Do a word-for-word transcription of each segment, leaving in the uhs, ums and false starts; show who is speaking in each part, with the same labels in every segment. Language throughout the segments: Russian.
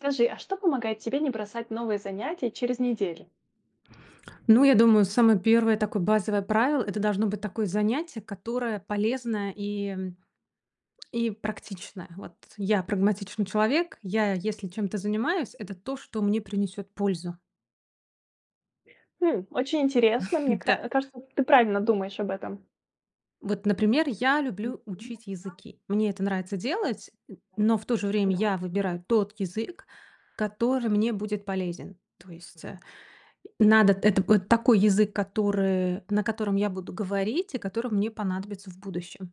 Speaker 1: Скажи, а что помогает тебе не бросать новые занятия через неделю?
Speaker 2: Ну я думаю, самое первое такое базовое правило- это должно быть такое занятие, которое полезное и, м, и практичное, вот. Я прагматичный человек. Я если чем-то занимаюсь, это то, что мне принесет пользу.
Speaker 1: Хм. Очень интересно, мне
Speaker 2: Да.
Speaker 1: кра кажется ты правильно думаешь об этом.
Speaker 2: Вот, например, я люблю учить
Speaker 1: [unintelligible]
Speaker 2: языки. Мне это нравится делать, н но в то же
Speaker 1: [unintelligible]
Speaker 2: время
Speaker 1: Да.
Speaker 2: я выбираю тот язык, который мне будет полезен. То есть, э, надо это от такой язык, который, на котором я буду говорить, и который мне понадобится в будущем.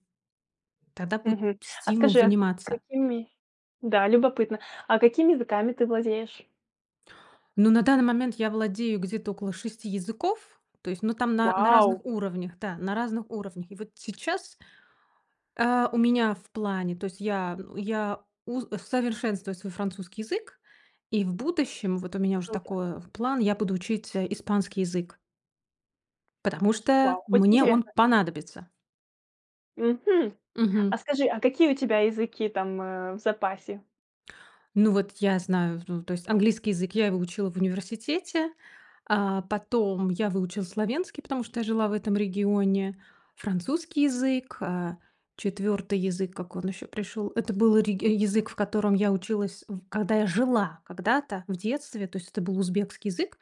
Speaker 2: Тогда будет
Speaker 1: Мгм. А,
Speaker 2: стимул
Speaker 1: скажи, а
Speaker 2: заниматься.
Speaker 1: какими Да, любопытно. А какими языками ты владеешь?
Speaker 2: Ну на данный момент я владею где-то около шести языков, то есть, но там на на разных
Speaker 1: Вау!
Speaker 2: уровнях, да, на разных уровнях. И вот сейчас. Э, у меня в плане, то есть я я у совершенствую свой французский язык. И в будущем вот у меня уже
Speaker 1: Круто.
Speaker 2: такое, план, я буду учить, э, испанский язык. Потому что
Speaker 1: Вау, очень
Speaker 2: мне он
Speaker 1: интересно!
Speaker 2: понадобится.
Speaker 1: Мгм. А
Speaker 2: Мгм.
Speaker 1: скажи, а какие у тебя языки там, э, в запасе?
Speaker 2: Ну вот я знаю, в ну то есть английский язык, я его учила в университете, а, потом я выучила словенский, потому что я жила в этом регионе, французский язык, э, четвертый язык как он еще пришел это был реги язык, в котором я училась в когда я жила, когда-то в детстве то есть это был узбекский язык,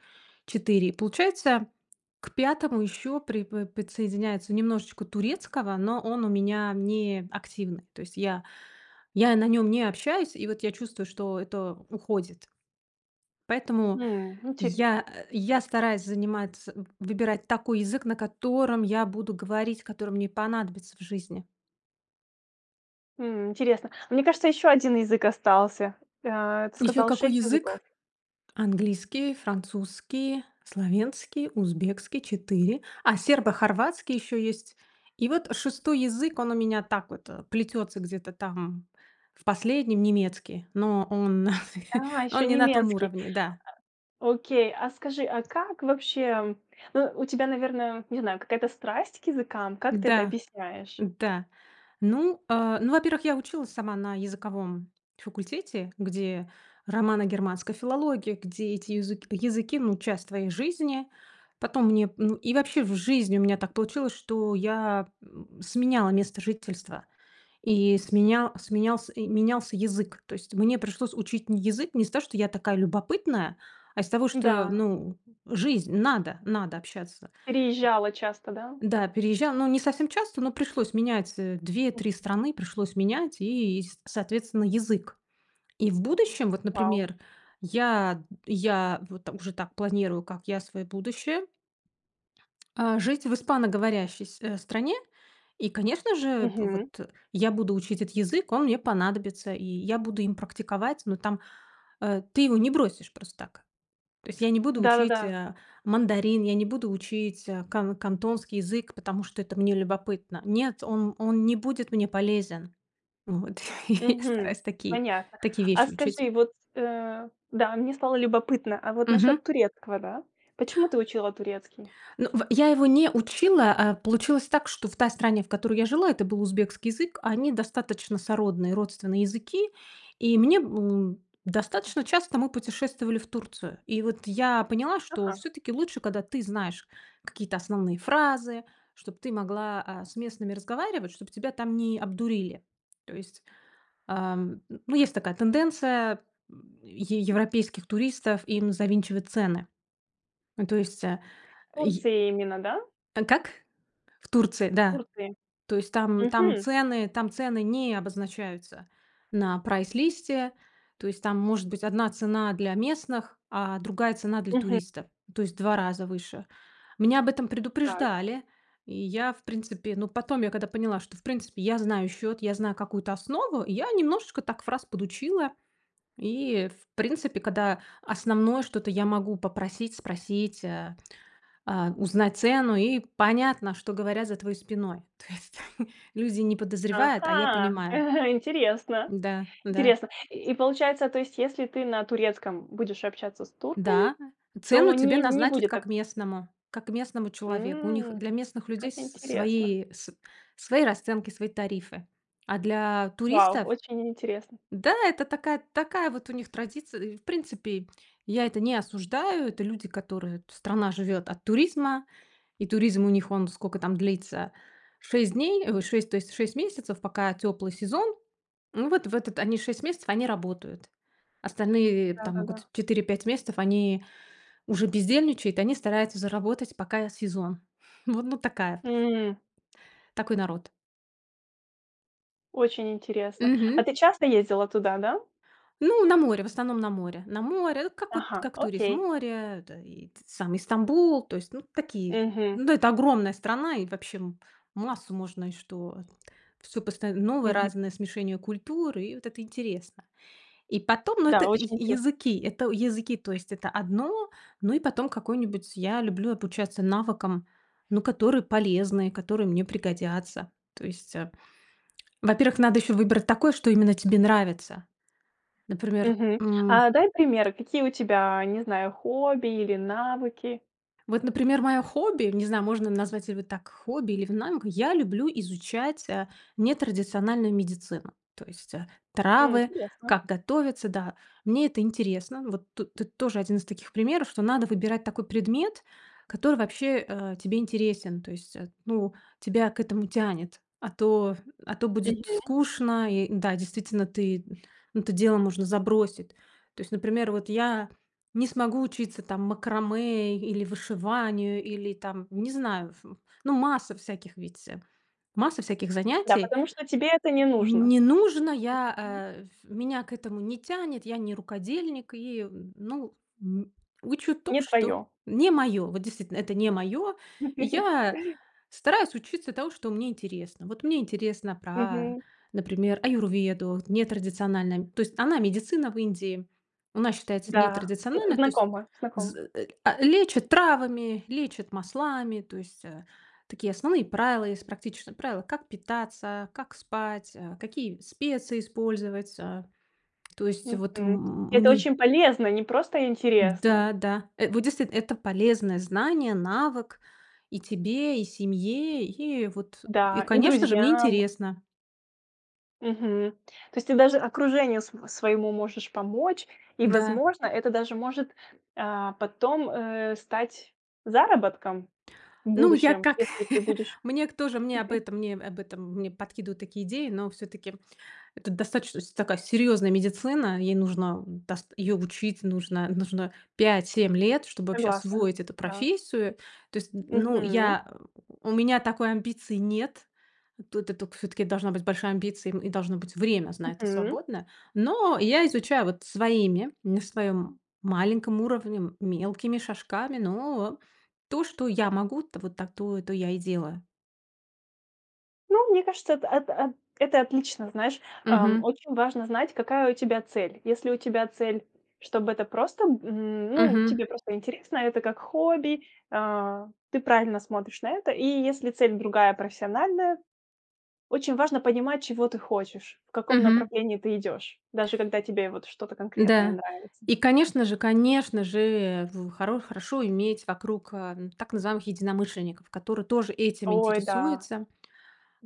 Speaker 2: четыре и получается к пятому еще припо подсоединяется немножечко турецкого, но он у меня неактивный. То есть я я на нем не общаюсь и вот я чувствую, что это уходит. Поэтому
Speaker 1: М, интерес
Speaker 2: я, э, я стараюсь заниматься, выбирать такой язык, на котором я буду говорить, который мне понадобится в жизни.
Speaker 1: М, интересно, мне кажется еще один язык остался, э, ты
Speaker 2: Еще
Speaker 1: сказал
Speaker 2: какой
Speaker 1: шесть
Speaker 2: язык?
Speaker 1: языков.
Speaker 2: Английский, французский, словенский, узбекский, четыре. А сербо-хорватский еще есть и вот шестой язык, он у меня так вот, э, плетется где-то там в последнем. Немецкий, но он,
Speaker 1: А, еще
Speaker 2: он не на том
Speaker 1: немецкий!
Speaker 2: уровне, да.
Speaker 1: Да. Окей, а, скажи, а как вообще, ну, у тебя наверное, не знаю какая-то страсть к языкам? Как ты это
Speaker 2: Да.
Speaker 1: объясняешь?
Speaker 2: Да ну, э, ну, во-первых, я училась сама на языковом факультете, где романо-германской филологии где эти юзык языки, ну часть твоей жизни. Потом мне, ну, и вообще в жизни у меня так получилось, что я, м, сменяла место жительства и сменя сменялся менялся язык. То есть мне пришлось учить не язык не с того, что я такая любопытная, а, из того, что
Speaker 1: Да.
Speaker 2: ну жизнь, надо, надо общаться.
Speaker 1: Переезжала часто, да?
Speaker 2: Да, переезжа но не совсем часто, но пришлось менять, э, две
Speaker 1: М.
Speaker 2: три страны пришлось менять и, и соответственно, язык. И в будущем, вот
Speaker 1: Вау!
Speaker 2: например, я, я, вот там уже так планирую, как я, свое будущее. Э, жить в испаноговорящей с э, стране и, конечно же вот,
Speaker 1: Мгм.
Speaker 2: э, я буду учить этот язык, он мне понадобится, и я буду им практиковать, но там, э, ты его не бросишь просто так. То есть я не буду
Speaker 1: Да, да,
Speaker 2: учить,
Speaker 1: да.
Speaker 2: а, мандарин, я не буду учить, а, кан кантонский язык, потому что это мне любопытно. Нет, он он не будет мне полезен. Вот и я
Speaker 1: Мгм.
Speaker 2: стараюсь такие
Speaker 1: Понятно,
Speaker 2: такие
Speaker 1: а,
Speaker 2: вещи учить.
Speaker 1: скажи вот, э, да, мне стало любопытно, а вот
Speaker 2: Мгм.
Speaker 1: насчет турецкого, да? Почему ты учила турецкий?
Speaker 2: Ну в я его не учила. А, получилось так, что в той стране, в которой я жила, это был узбекский язык. Они достаточно сородные, родственные языки, и мне, м, достаточно часто мы путешествовали в Турцию. И вот я поняла, что
Speaker 1: Ага.
Speaker 2: все-таки лучше, когда ты знаешь какие-то основные фразы, чтоб ты могла, а, с местными разговаривать, чтоб тебя там не обдурили. То есть, а, ну есть такая тенденция е европейских туристов им завинчивать цены. Ну то есть, э,
Speaker 1: В
Speaker 2: е
Speaker 1: Турции именно, да?
Speaker 2: А как? В Турции.
Speaker 1: В
Speaker 2: Да.
Speaker 1: Турции.
Speaker 2: То есть там, там
Speaker 1: Мгм.
Speaker 2: цены, там цены не обозначаются на прайс-листе. То есть там может быть одна цена для местных, а другая цена для
Speaker 1: Мгм.
Speaker 2: туристов, то есть в два раза выше. Меня об этом
Speaker 1: Так.
Speaker 2: предупреждали, и я в принципе, но потом я когда поняла, что в принципе я знаю счет, я знаю какую-то основу я немножечко так фраз подучила, и в принципе когда основное что-то я могу попросить спросить, э, а, узнать цену и понятно, что говорят за твоей спиной. То есть люди не подозревают, а я
Speaker 1: Ага,
Speaker 2: понимаю.
Speaker 1: э интересно.
Speaker 2: Да, да.
Speaker 1: Интересно. И получается то есть, если ты на турецком будешь общаться с турками
Speaker 2: Да,
Speaker 1: то
Speaker 2: цену тебе
Speaker 1: не не
Speaker 2: назначат
Speaker 1: будет так
Speaker 2: как местному, как местному человеку. У них
Speaker 1: М,
Speaker 2: для местных людей
Speaker 1: как
Speaker 2: с
Speaker 1: интересно.
Speaker 2: свои, с свои расценки, свои тарифы. А для
Speaker 1: Вау,
Speaker 2: туристов.
Speaker 1: очень интересно.
Speaker 2: Да, это такая, такая вот у них традиция. И, в принципе, я это не осуждаю. Это люди которые, страна живет от туризма. И туризм у них он сколько там длится шесть дней, ой, шесть, то есть шесть месяцев, пока теплый сезон. Ну вот в это, они шесть месяцев, они работают. Остальные
Speaker 1: Да,
Speaker 2: там
Speaker 1: да,
Speaker 2: могут
Speaker 1: да.
Speaker 2: четыре пять месяцев они уже бездельничают, они стараются заработать, пока сезон. Вот, ну такая.
Speaker 1: М.
Speaker 2: Такой народ.
Speaker 1: Очень интересно.
Speaker 2: Мгм.
Speaker 1: А ты часто ездила туда, да?
Speaker 2: Ну, на море в основном, на море, на море, как вот
Speaker 1: Ага.
Speaker 2: как турист
Speaker 1: Окей.
Speaker 2: море, да, и сам, и Стамбул то есть ну такие,
Speaker 1: Мгм.
Speaker 2: ну это огромная страна и вообще м массу можно и что всё поста новое
Speaker 1: Мгм.
Speaker 2: разное смешение культур, и вот это интересно. И потом, ну
Speaker 1: Да,
Speaker 2: это
Speaker 1: очень интересно.
Speaker 2: языки, это языки то есть это одно. Ну и потом какой-нибудь, я люблю обучаться навыкам, ну, которые полезны, которые мне пригодятся. То есть, э, во-первых, надо еще выбрать такой, что
Speaker 1: [unintelligible]
Speaker 2: именно тебе нравится. Например,
Speaker 1: Мгм.
Speaker 2: м.
Speaker 1: А дай примеры какие у тебя, не знаю хобби или навыки?
Speaker 2: Вот, например, мое хобби, не знаю, можно назвать ли вы так хобби или в найме, к я люблю изучать, э, нетрадициональную медицину. То есть, э,
Speaker 1: М,
Speaker 2: травы,
Speaker 1: интересно.
Speaker 2: как готовиться, да, мне это интересно. Вот тут ты тоже один из таких примеров, что надо выбирать такой предмет, который вообще, э, тебе интересен, то есть, эт ну тебя к этому тянет, а то, а то будет
Speaker 1: Мгм.
Speaker 2: скучно и да, действительно, ты ну это дело можно забросить. То есть, например, вот я не смогу учиться там макраме или вышиванию, или там не знаю ф ну масса всяких ведь, э. Масса всяких
Speaker 1: Да,
Speaker 2: занятий.
Speaker 1: потому что тебе это не нужно.
Speaker 2: Не нужно, я,
Speaker 1: [unintelligible]
Speaker 2: э, ф меня к этому не тянет, я не рукодельник и ну, м, учу то,
Speaker 1: Не
Speaker 2: что
Speaker 1: твое.
Speaker 2: не моё. Вот, действительно, это не моё. Я стараюсь учиться тому, что мне интересно. Вот мне интересно про,
Speaker 1: Мгм.
Speaker 2: например, аюрведу нетрадициональная То есть она медицина в Индии. Она считается
Speaker 1: Да, зн
Speaker 2: нетрадициональной, то есть
Speaker 1: знакомо, знакомо.
Speaker 2: з а, лечат травами, лечат маслами, то есть, э, такие основные правила, есть практичные правила, как питаться, а, как спать, э, какие специи использовать. Э, то есть вот
Speaker 1: Мгм.
Speaker 2: м
Speaker 1: Это
Speaker 2: мне
Speaker 1: очень полезно, не просто интересно.
Speaker 2: Да, да, э, вот действительно, это полезное знание, навык и тебе, и семье и вот, э, и
Speaker 1: Да, и
Speaker 2: конечно же, мне
Speaker 1: друзьям.
Speaker 2: интересно.
Speaker 1: Мгм. То есть ты даже окружению свое своему можешь помочь, и
Speaker 2: Да.
Speaker 1: возможно это даже может, э, потом, э, стать заработком в
Speaker 2: Ну я
Speaker 1: будущем
Speaker 2: как,
Speaker 1: если ты будешь
Speaker 2: мне к тоже мне об
Speaker 1: Мгм.
Speaker 2: этом мне об этом мне подкидывают такие идеи, но все-таки это достаточно с такая серьезная медицина, ей нужно дас её учить, нужно, нужно пять семь лет, чтобы вообще
Speaker 1: Согласна,
Speaker 2: освоить эту
Speaker 1: да.
Speaker 2: профессию. То есть, ну
Speaker 1: Мгм.
Speaker 2: я, у меня такой амбиции нет. Тут эту все-таки должна быть большая амбиции, и должно быть время с на это
Speaker 1: Мгм.
Speaker 2: свободное. Но я изучаю вот своими, на своем маленьком уровне, мелкими шажками но то, что я могу, вот та то, то я и делаю.
Speaker 1: Ну, мне кажется это, эт эт это отлично, знаешь, э,
Speaker 2: Мгм.
Speaker 1: очень важно знать, какая у тебя цель. Если у тебя цель чтобы это просто, м, ну
Speaker 2: Мгм.
Speaker 1: тебе просто интересно, это как хобби, а, ты правильно смотришь на это, и если цель другая профессиональная, очень важно понимать чего ты хочешь, в каком
Speaker 2: Мгм.
Speaker 1: направлении ты идешь, даже когда тебе вот что-то конкретное
Speaker 2: Да,
Speaker 1: нравится.
Speaker 2: и конечно же, конечно же, в хоро хорошо иметь вокруг, а, так называемых единомышленников, которые тоже этим
Speaker 1: Ой, да!
Speaker 2: интересуются.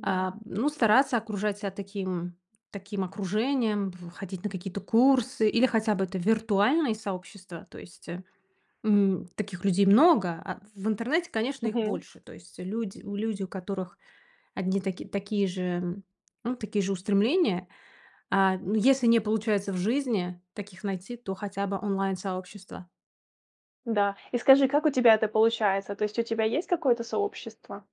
Speaker 2: А, ну стараться окружать себя таким таким окружением, б ходить на какие-то курсы или хотя бы это виртуальные сообщества. То есть, э, м, таких людей много, а в интернете, конечно, их
Speaker 1: Мгм.
Speaker 2: больше. То есть люди у люди, у которых одни таки такие же, ну такие же устремления, а, ну если не получается в жизни таких найти, то хотя бы онлайн-сообщество.
Speaker 1: Да. И скажи, как у тебя это получается? То есть у тебя есть какое-то сообщество?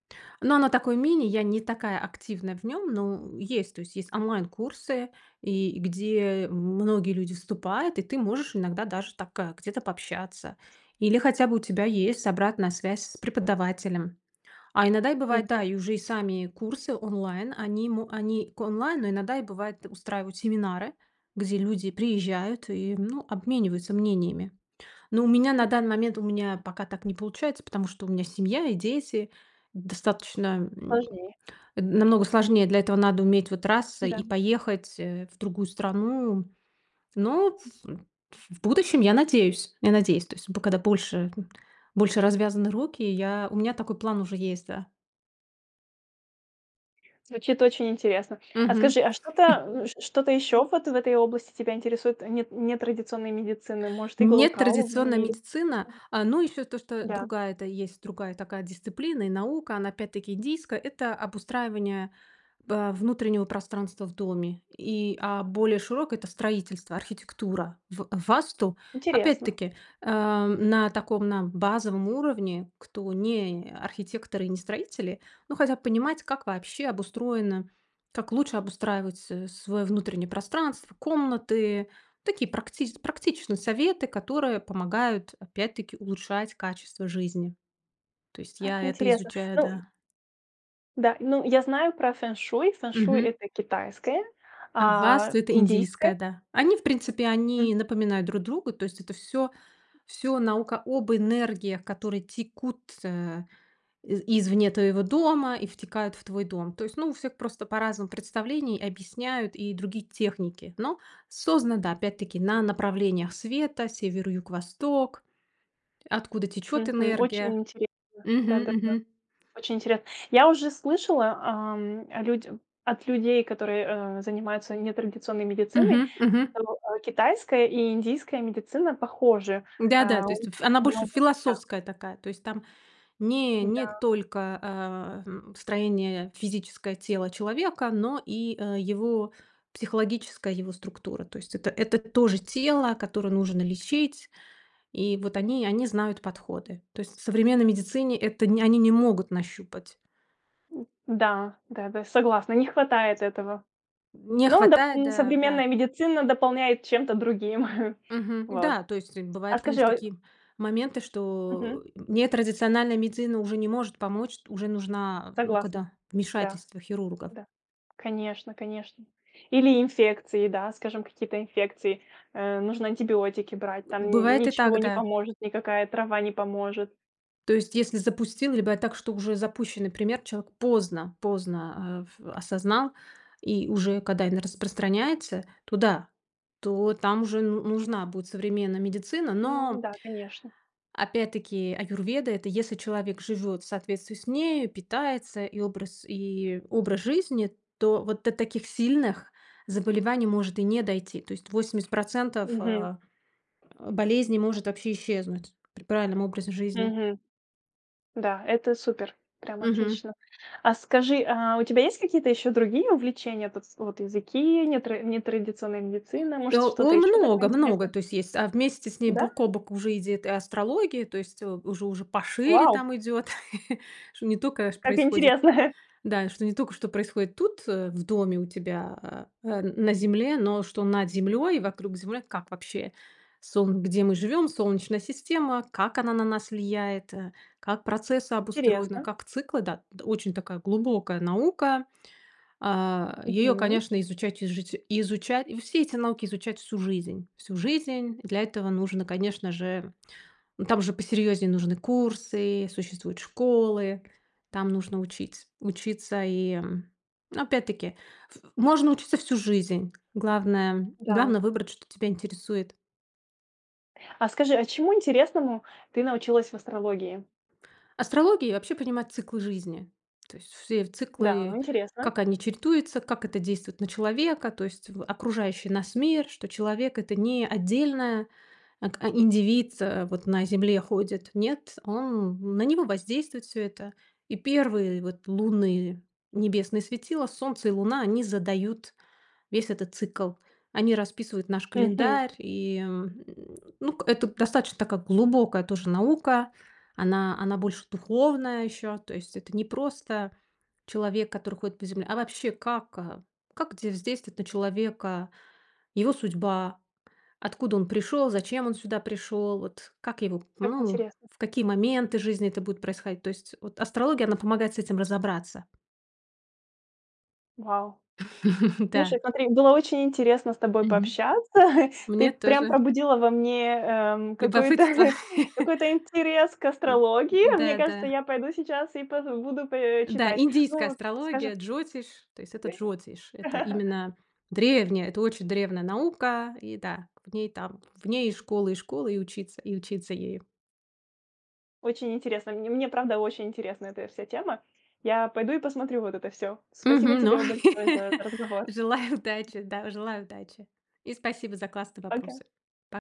Speaker 2: Но она такой мини. Я не такая активная в нём, ну, есть, то есть есть онлайн курсы, и где многие люди вступают, и ты можешь иногда даже так где-то пообщаться. Или хотя бы у тебя есть обратная связь с преподавателем. А иногда и бывает,
Speaker 1: Мгм.
Speaker 2: да, и уже и сами курсы онлайн, они мо они к онлайн, но иногда и, бывает, устраивают семинары, где люди приезжают и, ну, обмениваются мнениями. Ну, у меня на данный момент у меня пока так не получается, потому что у меня семья и дети. Достаточно, м,
Speaker 1: Важнее.
Speaker 2: э, намного сложнее. Для этого надо уметь вот раз-
Speaker 1: Да.
Speaker 2: и поехать, э, в другую страну. Ну, в в будущем, я надеюсь я надеюсь, то есть б когда больше больше развязаны руки, я у меня такой план уже есть, да.
Speaker 1: Звучит очень интересно. А
Speaker 2: Мгм.
Speaker 1: скажи, а что-то ш что-то еще в этой области тебя интересует нет нетрадиционной медицины? Может,
Speaker 2: Нетрадиционная
Speaker 1: иглоукалывание или
Speaker 2: медицина, э, ну, еще то, что-то
Speaker 1: Да.
Speaker 2: другая-то есть другая такая дисциплина и наука, она, опять-таки, индийская, это обустраивание, э, внутреннего пространства в доме. И а более широкое- это строительство, архитектура. В Васту,
Speaker 1: Интересно.
Speaker 2: опять-таки, э, на таком на базовом уровне, кто не архитекторы и не строители, но хотят понимать, как вообще обустроено, как лучше обустраивать с свое внутреннее пространство, комнаты, такие практич практичные советы, которые помогают, опять-таки, улучшать качество жизни. То есть
Speaker 1: Как
Speaker 2: я это
Speaker 1: интересно.
Speaker 2: изучаю,
Speaker 1: Ну й
Speaker 2: да.
Speaker 1: Да. Ну, я знаю про фэншуй. Фэншуй-
Speaker 2: Мгм.
Speaker 1: это китайское,
Speaker 2: А
Speaker 1: а
Speaker 2: Васту- это
Speaker 1: индийское?
Speaker 2: индийское, да. Они, в принципе,
Speaker 1: М.
Speaker 2: они напоминают друг друга, то есть это всё всё наука об энергиях, которые текут, э, из извне твоего дома и втекают в твой дом. То есть, ну, у всех просто по-разному представлений, объясняют и другие техники. Но создана, да, опять-таки, на направлениях света: север, юг, восток, откуда течет
Speaker 1: Мгм. Очень
Speaker 2: энергия.
Speaker 1: интересно.
Speaker 2: Мгм,
Speaker 1: Да, да, да.
Speaker 2: мгм.
Speaker 1: Очень интере Я уже слышала, ам, людь от людей, которые, э, занимаются нетрадиционной медициной,
Speaker 2: Мгм, мгм.
Speaker 1: что, э, китайская и индийская медицина похожи.
Speaker 2: Да-да,
Speaker 1: Э,
Speaker 2: то
Speaker 1: у
Speaker 2: есть
Speaker 1: них
Speaker 2: ф она
Speaker 1: очень
Speaker 2: больше
Speaker 1: много Да.
Speaker 2: философская такая. То есть там не не
Speaker 1: Да.
Speaker 2: только, э, м, строение физическое тела человека, но и, э, его психологическая его структура. То есть это это тоже тело, которое нужно лечить, и вот они они знают подходы. То есть в современной медицине это нь они не могут нащупать.
Speaker 1: М, да. Да, да, согласна, не хватает этого,
Speaker 2: Не
Speaker 1: но доп
Speaker 2: хватает,
Speaker 1: м,
Speaker 2: да, да.
Speaker 1: современная медицина дополняет чем-то другим.
Speaker 2: Мгм,
Speaker 1: Вот.
Speaker 2: Да, то есть, э,
Speaker 1: А
Speaker 2: бывают,
Speaker 1: скажи,
Speaker 2: конечно,
Speaker 1: а
Speaker 2: такие моменты,
Speaker 1: Мгм.
Speaker 2: что нетрадициональная медицина уже не может помочь, уже нужна, э, ну,
Speaker 1: Согласна,
Speaker 2: когда
Speaker 1: да,
Speaker 2: вмешательство хирургов.
Speaker 1: да. Конечно, конечно. Или инфекции, да, скажем, какие-то инфекции, э, нужно антибиотики брать, там н
Speaker 2: Бывает и так,
Speaker 1: ничего не
Speaker 2: да.
Speaker 1: поможет, никакая трава не поможет.
Speaker 2: То есть если запустил, либо так, что уже запущенный пример, человек поздно поздно, эв осознал, и уже когда эн распространяется, то да, то там уже ну нужна будет современная медицина,
Speaker 1: Ну
Speaker 2: но
Speaker 1: да, конечно.
Speaker 2: опять-таки, аюрведа- это если человек живёт в соответствии с ней, питается- и образ и образ жизни, то вот до таких сильных заболеваний может и не дойти. То есть восемьдесят процентов,
Speaker 1: Мгм.
Speaker 2: э, болезней может вообще исчезнуть при правильном образе жизни.
Speaker 1: Мгм. Да, это супер, прям
Speaker 2: Мгм.
Speaker 1: отлично. А скажи, а у тебя есть какие-то еще другие увлечения? Потс вот языки, нетра нетрадиционная медицина, может,
Speaker 2: О, о,
Speaker 1: что-то еще такое
Speaker 2: много, много,
Speaker 1: интересное?
Speaker 2: то есть есть. А вместе с ней
Speaker 1: Да.
Speaker 2: бок о бок уже идёт и астрология, то есть, э, уже уже пошире
Speaker 1: Вау!
Speaker 2: там идёт, что не только ш
Speaker 1: Как
Speaker 2: происходит,
Speaker 1: интересно!
Speaker 2: да, что не только что происходит тут, э, в доме у тебя, э, э, на земле, но что над землей и вокруг земли. Как вообще солн где мы живем, солнечная система, как она на нас влияет, э, как процессы обустроены,
Speaker 1: Интересно.
Speaker 2: как циклы, да. Очень такая глубокая наука. Э, её,
Speaker 1: Мгм.
Speaker 2: конечно, изучать и ижуч и изучать. И все эти науки изучать всю жизнь всю жизнь. Для этого нужно, конечно же, там уже посерьезнее нужны курсы, существуют школы, там нужно учиться, учиться. И, опять-таки, в можно учиться всю жизнь, главное главное-
Speaker 1: Да.
Speaker 2: выбрать, что тебя интересует.
Speaker 1: А скажи, а чему интересному ты научилась в астрологии?
Speaker 2: Астрология вообще понимает циклы жизни. То есть все
Speaker 1: Да,
Speaker 2: циклы,
Speaker 1: интересно.
Speaker 2: как они чередуются, как это действует на человека, то есть в окружающий нас мир, что человек- это не отдельная ат а индивид, э, вот на Земле ходит. Нет, он на него воздействует всё это. И первые вот лунные небесные светила, Солнце и Луна, они задают весь этот цикл. Они расписывают наш
Speaker 1: Мгм.
Speaker 2: календарь. И, ну к это достаточно такая глубокая тоже наука. Она она больше духовная ещё. То есть это не просто человек, который ходит по земле, а вообще как, э как де воздействовует на человека его судьба, откуда он пришёл, зачем он сюда пришёл, вот как его,
Speaker 1: Как
Speaker 2: ну,
Speaker 1: интересно.
Speaker 2: в какие моменты жизни это будет происходить. То есть вот астрология, она помогает с этим разобраться.
Speaker 1: Вау.
Speaker 2: Да.
Speaker 1: Слушай, смотри, было очень интересно с тобой
Speaker 2: Мгм.
Speaker 1: пообщаться, ты
Speaker 2: Мне
Speaker 1: прям
Speaker 2: тоже.
Speaker 1: пробудила во мне, эм, какой-то
Speaker 2: Любопытство.
Speaker 1: какой-то интерес к астрологии, мне
Speaker 2: Да
Speaker 1: кажется
Speaker 2: да.
Speaker 1: я пойду сейчас и пот буду п э,
Speaker 2: Да,
Speaker 1: читать.
Speaker 2: индийская
Speaker 1: Ну,
Speaker 2: астрология,
Speaker 1: скажи
Speaker 2: джотиш, то есть это джотиш. Это именно древняя, это очень древняя наука, и да, в ней там в ней и школы, и школы, и учиться и учиться ею.
Speaker 1: Очень интересно, мн мне правда очень интересна эта вся тема. Я пойду и посмотрю вот это всё. Спасибо
Speaker 2: Мгм, но
Speaker 1: тебе большое за это разговор.
Speaker 2: Желаю удачи! Да, желаю удачи! И спасибо за классные
Speaker 1: Пока.
Speaker 2: вопросы! По